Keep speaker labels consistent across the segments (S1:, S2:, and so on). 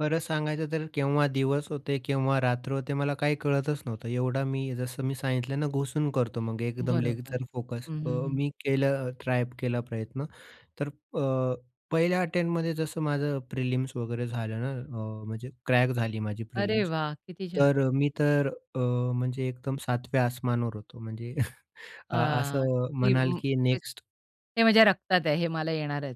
S1: खरंच सांगायचं तर, केव्हा दिवस होते, केव्हा रात्र होते, मला काही कळतच नव्हतं. एवढा मी, जसं मी सांगितलं ना, घुसून करतो मग एकदम
S2: बरोबर.
S1: लेग्जर फोकस.
S2: हं,
S1: अ,
S2: हं, हं.
S1: मी केलं ट्राय केला प्रयत्न, तर अ, पहिल्या अटेम्प्टमध्ये जसं माझं प्रिलिम्स वगैरे झालं ना, अ, म्हणजे क्रॅक झाली माझी
S2: अरे
S1: प्रिलिम्स.
S2: वाह! किती छान.
S1: तर अ, मी तर अ, म्हणजे एकदम सातव्या आसमानावर होतो, म्हणजे
S2: अ,
S1: अ, असं
S2: की
S1: म्हणाल
S2: [unintelligible]
S1: की नेक्स्ट
S2: हे माझ्या रक्तात आहे, हे मला येणारच.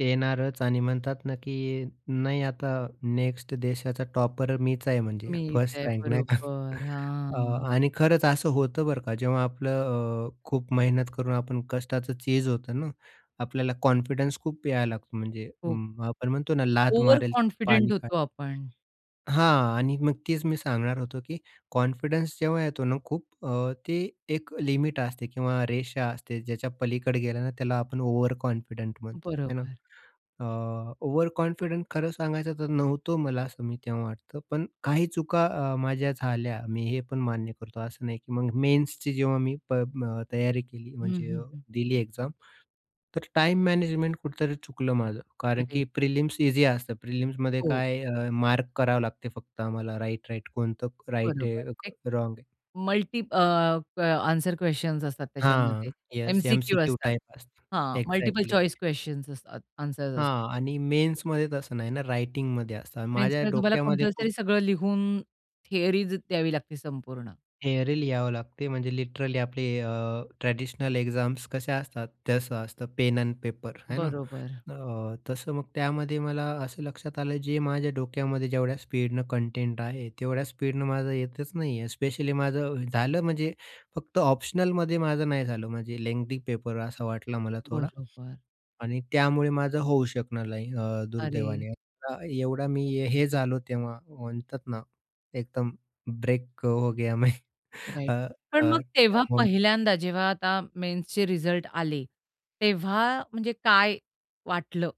S1: येणारच आणि म्हणतात ना की नाही आता नेक्स्ट देशाचा टॉपर मीच आहे म्हणजे
S2: मीच
S1: फर्स्ट
S2: आहे,
S1: रँक नाही का.
S2: बरोबर.
S1: अ,
S2: हां.
S1: आणि खरंच असं होतं बरं का, जेव्हा आपलं अ, खूप मेहनत करून आपण कष्टाचं चीज होतं ना, आपल्याला कॉन्फिडन्स खूप यायला लागतो म्हणजे
S2: खूप.
S1: आपण म्हणतो ना, "लात मारेल, तिथ पाणी
S2: ओव्हरकॉन्फिडंट होतो
S1: काढेल."
S2: आपण.
S1: हां. आणि मग तेच मी सांगणार होतो की कॉन्फिडन्स जेव्हा येतो ना खूप अ, ते एक लिमिट असते किंवा रेषा असते ज्याच्या पलीकडे गेलं ना, त्याला आपण ओव्हरकॉन्फिडंट म्हणतो. हे ना.
S2: बरोबर.
S1: अ, ओव्हरकॉन्फिडंट खरं सांगायचं तर, नव्हतो मला असं मी तेव्हा वाटत, पण काही चुका अ, माझ्या झाल्या मी हे पण मान्य करतो असं नाही की मग मेन्सची जेव्हा मी प अ, तयारी केली,
S2: हं,
S1: म्हणजे
S2: हं, हं.
S1: दिली एक्झाम. तर टाईम मॅनेजमेंट कुठतरी चुकलं माझं.
S2: खरं
S1: कारण की
S2: आहे.
S1: प्रिलिम्स ईझी असतं प्रिलिम्समध्ये
S2: हो.
S1: काय अ, मार्क करावे लागते फक्त आम्हाला. राइट-राइट कोणतं राइट
S2: बरोबर.
S1: आहे,
S2: एक
S1: रॉंग आहे.
S2: मल्टी अ, क आन्सर क्वेशन्स असतात
S1: हां,
S2: त्याच्यामध्ये.
S1: येस
S2: एम-सी-क्यू
S1: एम-सी-क्यू
S2: असतात.
S1: टाइप असतं.
S2: हां, मल्टिपल
S1: एक्झॅक्टली.
S2: चॉईस क्वेशन्स असतात आन्सर्स असतात.
S1: हां आणि मेन्समध्ये तसं नाही ना, रायटिंगमध्ये असतं. माझ्या
S2: मेन्समध्ये तुम्हाला
S1: डोक्यामध्ये
S2: कंपल्सरी
S1: खूप
S2: सगळं लिहून थियरीज द्यावी लागते संपूर्ण.
S1: थियरी लिहावी लागते. म्हणजे लिटरली आपले अ, ट्रॅडिशनल एक्झाम्स कशा असतात, तसं असतं पेन अन पेपर आहे ना.
S2: बरोबर.
S1: अ, तसं मग, त्यामध्ये मला असं लक्षात आलं जे माझ्या डोक्यामध्ये जेवढ्या स्पीडनं कंटेंट आहे, तेवढ्या स्पीडनं माझं येतच नाही आहे. स्पेशली माझं झालं म्हणजे फक्त ऑप्शनलमध्ये माझं नाही झालं म्हणजे लेन्ग्थी पेपर असा वाटला मला थोडा
S2: बरोबर.
S1: आणि त्यामुळे माझं होऊ शकलं नाही, अ,
S2: अरे!
S1: दुर्दैवाने. एवढा एवढा मी हे झालो तेव्हा म्हणतात ना, एकदम ब्रेक अ, हो गया मैं. अ,
S2: राइट. पण
S1: अ,
S2: मग तेव्हा
S1: त्याहून
S2: पहिल्यांदा, जेव्हा आता मेन्सचे रिझल्ट आले, तेव्हा म्हणजे काय वाटलं?